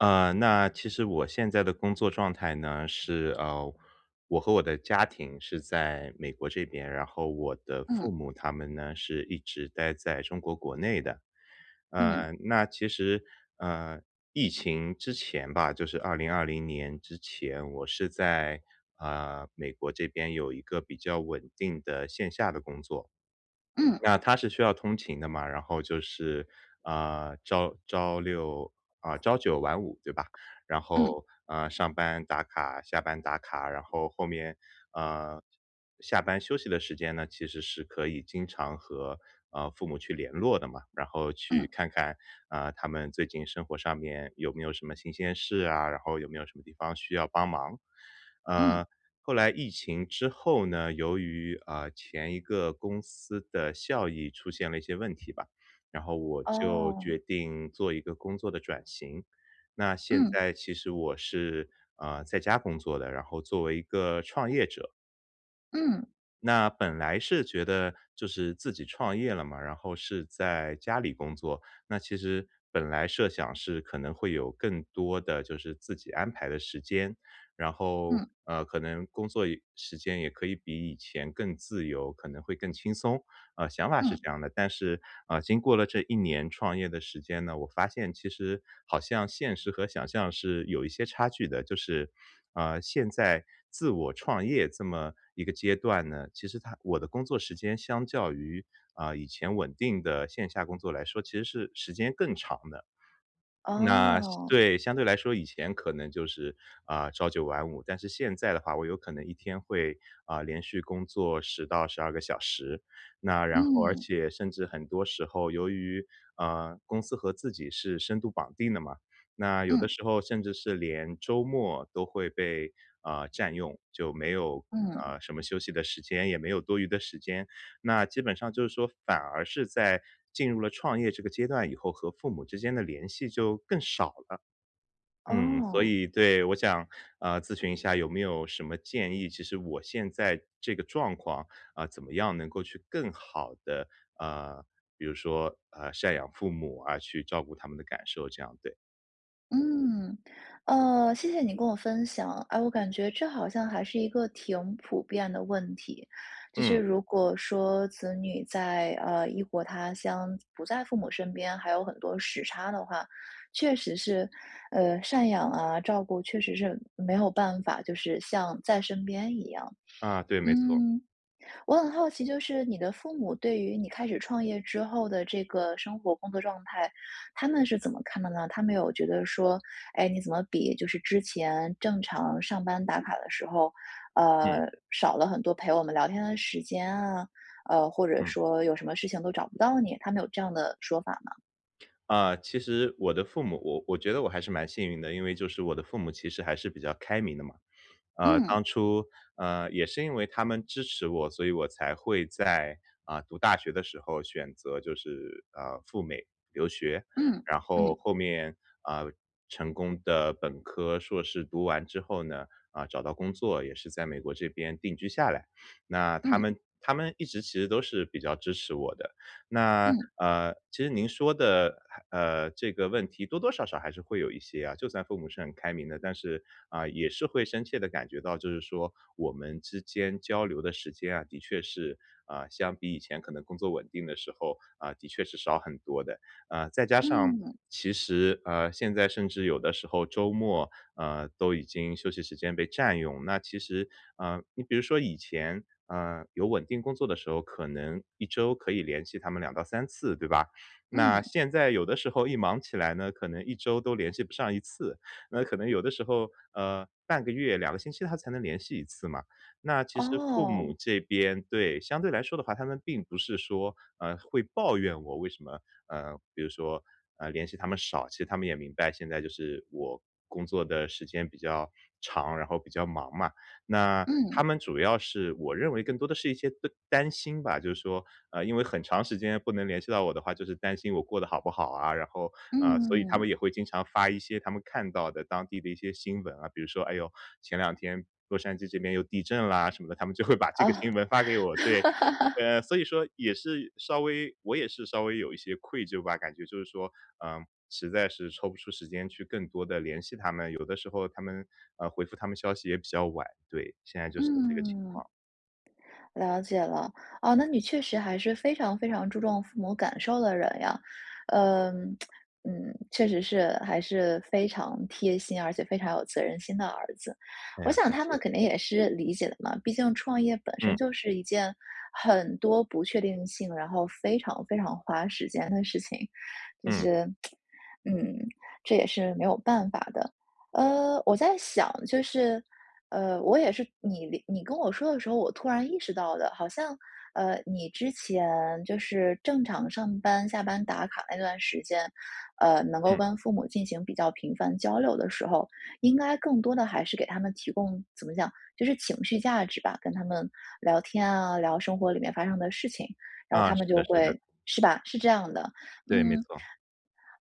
呃，那其实我现在的工作状态呢，是，呃，我和我的家庭是在美国这边，然后我的嗯。父母他们呢是一直待在中国国内的。嗯。呃，那其实，呃，疫情之前吧，就是2020年之前，我是在，呃，美国这边有一个比较稳定的线下的工作。嗯。对啊它是需要通勤的嘛，然后就是，呃，朝朝六啊朝九晚五对吧，然嗯。后，呃，上班打卡下班打卡。然后后面，呃，下班休息的时间呢，其实是可以经常和，呃，父母去联络的嘛，然后嗯。去看看，啊，他们最近生活上面有没有什么新鲜事啊，然后有没有什么地方需要帮忙。嗯。呃，后来疫情之后呢，由于啊，前一个公司的效益出现了一些问题吧，然后我就哦。决定做一个工作的转型，那现嗯。在其实我是，呃，在家工作的，然后作为一个创业者。嗯。那本来是觉得就是自己创业了嘛，然后是在家里工作，那其实本来设想是可能会有更多的就是自己安排的时间。然后，嗯。呃，可能工作也时间也可以比以前更自由，可能会更轻松。啊，想法是嗯。这样的，但是，啊，经过了这1年创业的时间呢，我发现其实好像现实和想象是有一些差距的。就是，啊，现在，自我创业这么一个阶段呢，其实它我的工作时间相较于，啊，以前稳定的线下工作来说，其实是时间更长的。那相哦。对，相对来说，以前可能就是，啊，朝九晚五。但是现在的话，我有可能一天会，啊，连续工作10-12个小时。那然后而嗯。且，甚至很多时候，由于，呃，公司和自己是深度绑定的嘛，那有的嗯。时候甚至是连周末都会被，啊，占用。就没有，嗯。啊，什么休息的时间，也没有多余的时间。那基本上就是说反而是在进入了创业这个阶段以后，和父母之间的联系就更少了。嗯，所哦。以对，我想，啊，咨询一下有没有什么建议。其实我现在这个状况，啊，怎么样能够去更好地，啊，比如说，啊，赡养父母啊，去照顾他们的感受，这样，对。嗯。呃，谢谢你跟我分享。哎，我感觉这好像还是一个挺普遍的问题。就是嗯。如果说子女在，呃，异国他乡，自不在父母身边，还有很多时差的话，确实是，呃，赡养啊、照顾确实是，嗯，没有办法就是像在身边一样。啊，对，没错儿。嗯，我很好奇，就是你的父母对于你开始创业之后的这个生活工作状态，他们是怎么看的呢？他们有觉得说：“哎，你怎么比就是之前正常上班打卡的时候，呃，嗯。少了很多陪我们聊天的时间啊？”呃，或者嗯。说：“有什么事情都找不到你。”他们有这样的说法吗？啊，其实我的父母我我觉得我还是蛮幸运的，因为就是我的父母其实还是比较开明的嘛。呃，嗯。当初，呃，也是因为他们支持我，所以我才会在，呃，读大学的时候选择就是，呃，赴美留学。嗯，然后嗯。后面，啊，成功地本科、硕士读完之后呢，呃，找到工作，也是在美国这边定居下来，那他们嗯。他们一直其实都是比较支持我的。那，嗯。呃，其实您说的还呃，这个问题多多少少还是会有一些啊，就算父母是很开明的，但是，啊，也是会深切地感觉到就是说，我们之间交流的时间啊，的确是，啊，相比以前可能工作稳定的时候，啊，的确是少很多的。啊，再加上，嗯。其实，呃，现在甚至有的时候周末，呃，都已经休息时间被占用。那其实呃，你比如说以前，呃，有稳定工作的时候，可能1周可以联系他们2-3次，对吧？那嗯。现在有的时候一忙起来呢，可能1周都联系不上1次。那可能有的时候，呃，半个月、2个星期它才能联系1次嘛。那其实父母哦。这边对，相对来说的话，他们并不是说，呃，会抱怨我为什么，呃，比如说，呃，联系他们少，其实他们也明白，现在就是我工作的时间比较长，然后比较忙嘛。那嗯。他们主要是我认为更多的是一些担担心吧，就是说，呃，因为很长时间不能联系到我的话，就是担心我过得好不好啊。然后，呃，所以他嗯。们也会经常发一些他们看到的当地的一些新闻啊，比如说，哎呦，前两天洛杉矶这边又地震啦什么的，他们就会把这个呃。新闻发给我，对。呃，所以说也是稍微我也是稍微有一些愧疚吧，感觉就是说，呃，实在是抽不出时间去更多地联系他们，有的时候他们呃，回复他们消息也比较晚。对，现在就是这个情嗯，况。了解了。呃，那你确实还是非常非常注重父母感受的人呀。呃，嗯，确实是还是非常贴心、而且非常有责任心的儿子。哎我呀，想感他们谢。肯定也是理解的嘛，毕竟创业本身嗯。就是一件很多不确定性，然后非常非常花时间的事情。就嗯。是，嗯，这也是没有办法的。呃，我在想就是，呃，我也是你聊你跟我说的时候，我突然意识到的。好像，呃，你之前就是正常上班下班打卡那段时间，呃，能够嗯。跟父母进行比较频繁交流的时候，应该更多的还是给他们提供怎么讲，就是情绪价值吧，跟他们聊天啊、聊生活里面发生的事情，然后啊，他们是的就是的。会是吧，是这样的。对，没嗯，错儿。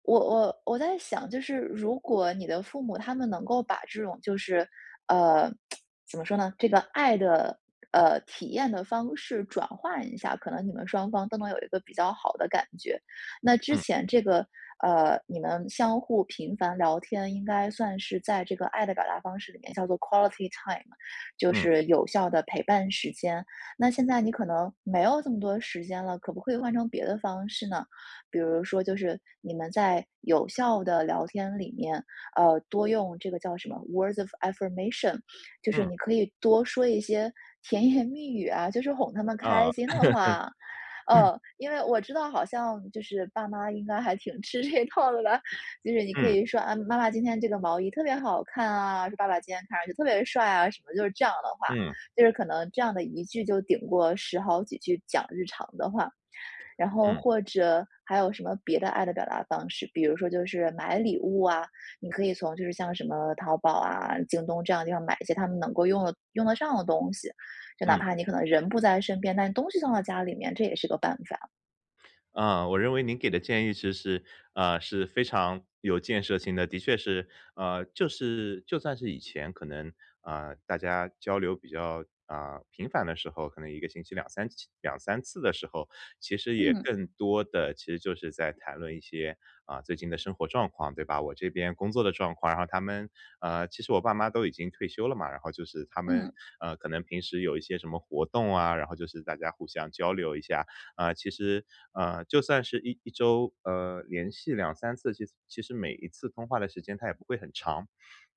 我我我在想，就是如果你的父母他们能够把这种就是，呃，怎么说呢，这个爱的，呃，体验的方式转换一下，可能你们双方都能有一个比较好的感觉。那之嗯。前这个，呃，你们相互频繁聊天，应该算是在这个爱的表达方式里面叫做 quality time，就嗯。是有效的陪伴时间。那现在你可能没有这么多时间了，可不可以换成别的方式呢？比如说就是，你们在有效的聊天里面，呃，多用这个叫什么 words of affirmation。就是嗯。你可以多说一些甜言蜜语啊，就是哄他们哦。开心的话。呃，因为我知道好像就是爸妈应该还挺吃这一套的了。就是你可嗯。以说：“啊，妈妈今天这个毛衣特别好看啊！”说：“爸爸今天看上去特别帅啊！”什么就是这样的话，嗯。就是可能这样的1句就顶过10好几句讲日常的话。然后嗯。或者还有什么别的爱的表达方式，比如说就是买礼物啊，你可以从就是像什么淘宝啊、京东这样的地方买一些他们能够用得用得上的东西。就哪嗯。怕你可能人不在身边，但东西放到家里面，这也是个办法。啊，我认为您给的建议其实，啊，是非常有建设性的。的确是，呃，就是就算是以前可能，呃，大家交流比较，啊，频繁的时候，可能一个星期2-3期2-3次的时候，其实也嗯。更多的其实就是在谈论一些啊，最近的生活状况，对吧？我这边工作的状况，然后他们呃，其实我爸妈都已经退休了嘛，然后就是他们，嗯。呃，可能平时有一些什么活动啊，然后就是大家互相交流一下。呃，其实，呃，就算是一一周，呃，连续2-3次，其实其实每一次通话的时间它也不会很长。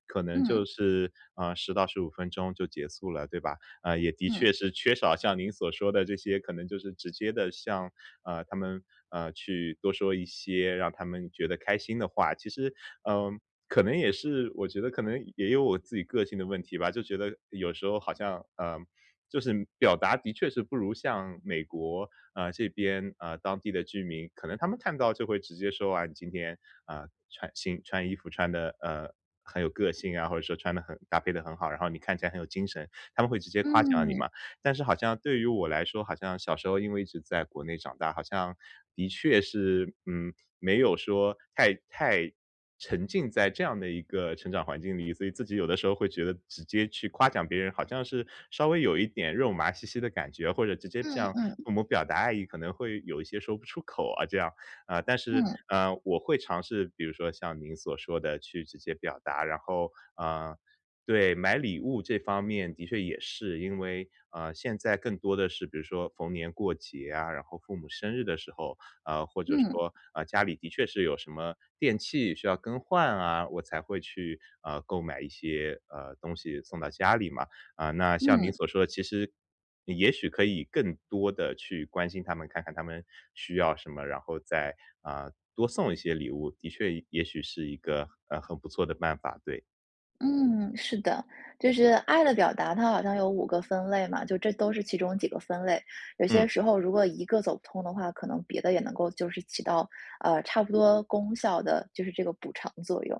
可能就嗯。是，啊，10-15分钟就结束了，对吧？啊，也的嗯。确是缺少像您所说的这些可能就是直接地向，啊，他们，呃，去多说一些让他们觉得开心的话。其实，嗯，可能也是我觉得可能也有我自己个性的问题吧。就觉得有时候好像，呃，就是表达的确是不如像美国，啊这边，啊，当地的居民，可能他们看到就会直接说：”啊，你今天，呃，穿新穿衣服穿得，呃，很有个性啊，或者说穿得很搭配得很好。然后你看起来很有精神。“他们会直接夸奖你嗯。嘛。但是好像对于我来说，好像小时候因为一直在国内长大，好像的确是，嗯，没有说太太沉浸在这样的一个成长环境里。所以自己有的时候会觉得直接去夸奖别人，好像是稍微有一点肉麻兮兮的感觉。或者直接这嗯样嗯嗯。跟我们表达爱意，可能会有一些说不出口啊这样。呃，但是，嗯。呃，我会尝试，比如说像您所说的去直接表达。然后，啊对，买礼物这方面的确也是，因为啊，现在更多的是比如说逢年过节啊，然后父母生日的时候，啊，或者嗯。说，啊，家里的确是有什么电器需要更换啊，我才会去，呃，购买一些，呃，东西送到家里嘛。啊，那像您嗯。所说的其实你也许可以更多地去关心他们，看看他们需要什么，然后再，啊，多送一些礼物，的确也许是一个，呃，很不错的办法，对。嗯，是的。就是爱的表达，它好像有5个分类嘛，这都是其中几个分类。有些嗯。时候如果一个走不通的话，可能别的也能够就是起到，呃，差不多功效的，就是这个补偿作用。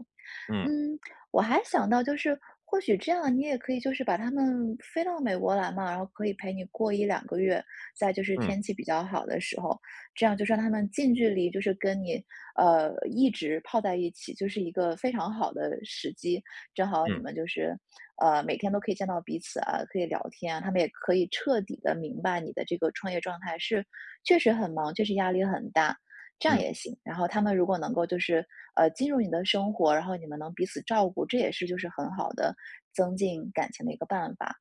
嗯。嗯，我还想到就是或许这样，你也可以就是把他们飞到美国来嘛，然后可以陪你过1-2个月。再就是嗯。天气比较好的时候，这样就是让他们近距离就是跟你，呃，一直泡在一起，就是一个非常好的时机。正好你嗯。们就是，呃，每天都可以见到彼此啊，可以聊天啊，他们也可以彻底地明白你的这个创业状态是确实很忙，确实压力很大。这样嗯。也行。然后他们如果能够就是，呃，进入你的生活，然后你们能彼此照顾，这也是就是很好的增进感情的一个办法。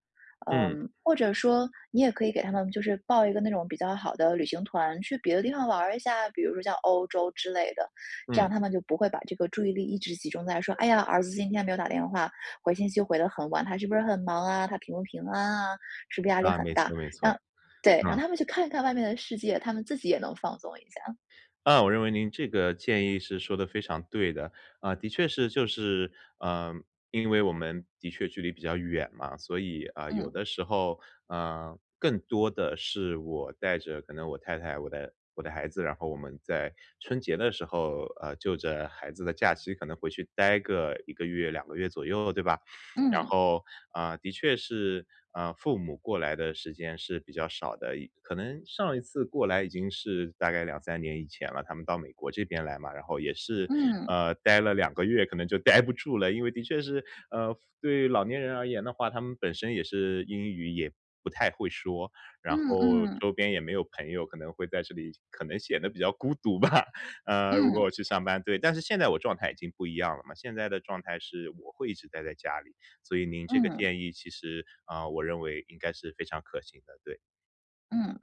嗯。嗯，或者说你也可以给他们就是报一个那种比较好的旅行团去别的地方玩儿一下，比如说像欧洲之类的。这样嗯。他们就不会把这个注意力一直集中在说：“哎呀，儿子今天没有打电话，回信息回得很晚，他是不是很忙啊，他平不平安啊，是不是压力啊，很没大。”错没错。让对，让嗯。他们去看一看外面的世界，他们自己也能放松一下。啊，我认为您这个建议是说得非常对的。啊，的确是就是呃因为我们的确距离比较远嘛，所以，啊，有嗯。的时候，呃，更多的是我带着可能我太太我的我的孩子，然后我们在春节的时候，呃，就着孩子的假期可能回去待个1个月个月左右对吧？然嗯。后，啊，的确是，嗯，父母过来的时间是比较少的。可能上一次过来已经是大概2-3年以前了，他们到美国这边来嘛。然后也是，嗯。呃，待了2个月可能就待不住了，因为的确是呃，对老年人而言的话他们本身也是英语也不太会说，然嗯后嗯。周边也没有朋友，可能会在这里可能显得比较孤独吧，呃，如果嗯。我去上班。对。但是现在我状态已经不一样了嘛，现在的状态是我会一直呆在家里。所以您这个嗯。建议其实，呃，我认为应该是非常可行的，对。嗯。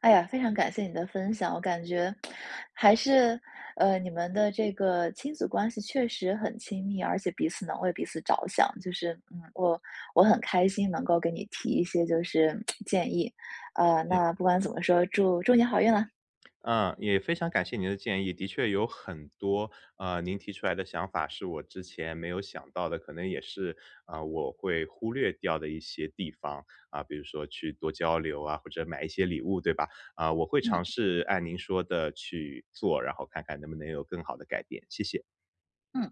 哎呀，非常感谢你的分享。我感觉，还是，呃，你们的这个亲子关系确实很亲密，而且彼此能为彼此着想，就是嗯，我我很开心能够给你提一些就是，建议。呃，嗯。那不管怎么说，祝祝你好运啦。呃，也非常感谢您的建议，的确有很多，嗯，您提出来的想法是我之前没有想到的，可能也是啊，我会忽略掉的一些地方。嗯，比如说去多交流啊，或者买一些礼物，对吧？啊，我会嗯。尝试按您说的去做，然后看看能不能有更好的改变，谢谢。嗯。